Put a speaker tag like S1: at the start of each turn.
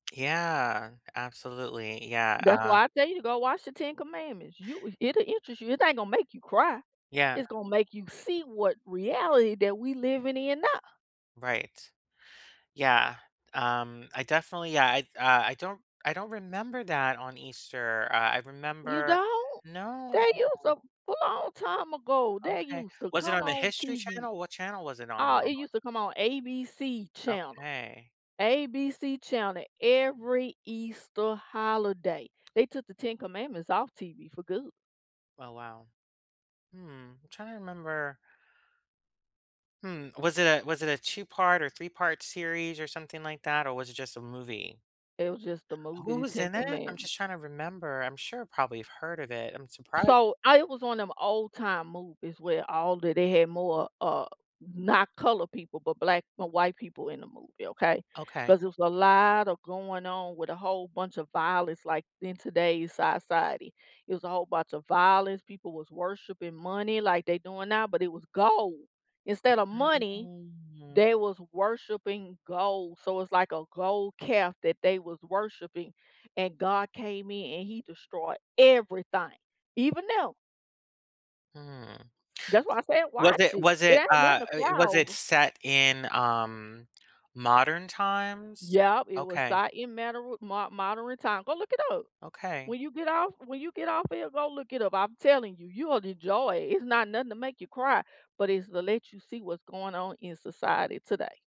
S1: Yeah, absolutely, yeah,
S2: That's
S1: uh
S2: why I tell you to go watch The Ten Commandments, you it'll interest you, it ain't gonna make you cry,
S1: Yeah.
S2: it's gonna make you see what reality that we living in now.
S1: Right, yeah, um, I definitely yeah, I I don't I don't remember that on Easter, uh, I
S2: You
S1: remember
S2: don't?
S1: no.
S2: They use to a long time ago, they
S1: Okay
S2: used to
S1: was it
S2: come
S1: on the
S2: on
S1: history
S2: TV,
S1: channel, what channel was it on
S2: uh, it
S1: normally?
S2: used to come on ABC channel,
S1: Okay.
S2: ABC channel every Easter holiday. They took The Ten Commandments off TV for good.
S1: Oh, wow. Mm, I'm trying to remember hmm, was it a was it a 2 part or 3 part series or something like that, or was it just a movie?
S2: It was just the movie,
S1: Who
S2: The
S1: was
S2: Ten
S1: in it? I'm
S2: Commandm
S1: just trying to remember, I'm sure probably I've heard of it, I'm surpri
S2: So, I it was one 'em old time movies where all that they had more, uh, not colored people, but black no, white people in the movie, okay?
S1: Okay.
S2: 'Cause there's a lotta going on with a whole bunch of violence, like, in today's society. It was a whole bunch of violence, people was worshiping money like they doing now, but it was gold, instead of money,
S1: Mhm.
S2: they was worshiping gold, so, it's like a gold calf that they was worshiping, and God came in, and he destroyed everything, even them.
S1: Mm.
S2: That's why I said
S1: Was
S2: watch
S1: it
S2: it,
S1: was
S2: it
S1: it,
S2: ain't
S1: uh
S2: nothing to
S1: eh,
S2: cry
S1: was it
S2: over.
S1: set in, um, modern times?
S2: Yep, it was si
S1: Okay.
S2: it matter with mod modern time, go look it up.
S1: Okay.
S2: When you get off when you get off of here go look it up, I'm telling you, you will enjoy it, it's not nothing to make you cry, but it's the let you see what's going on in society today.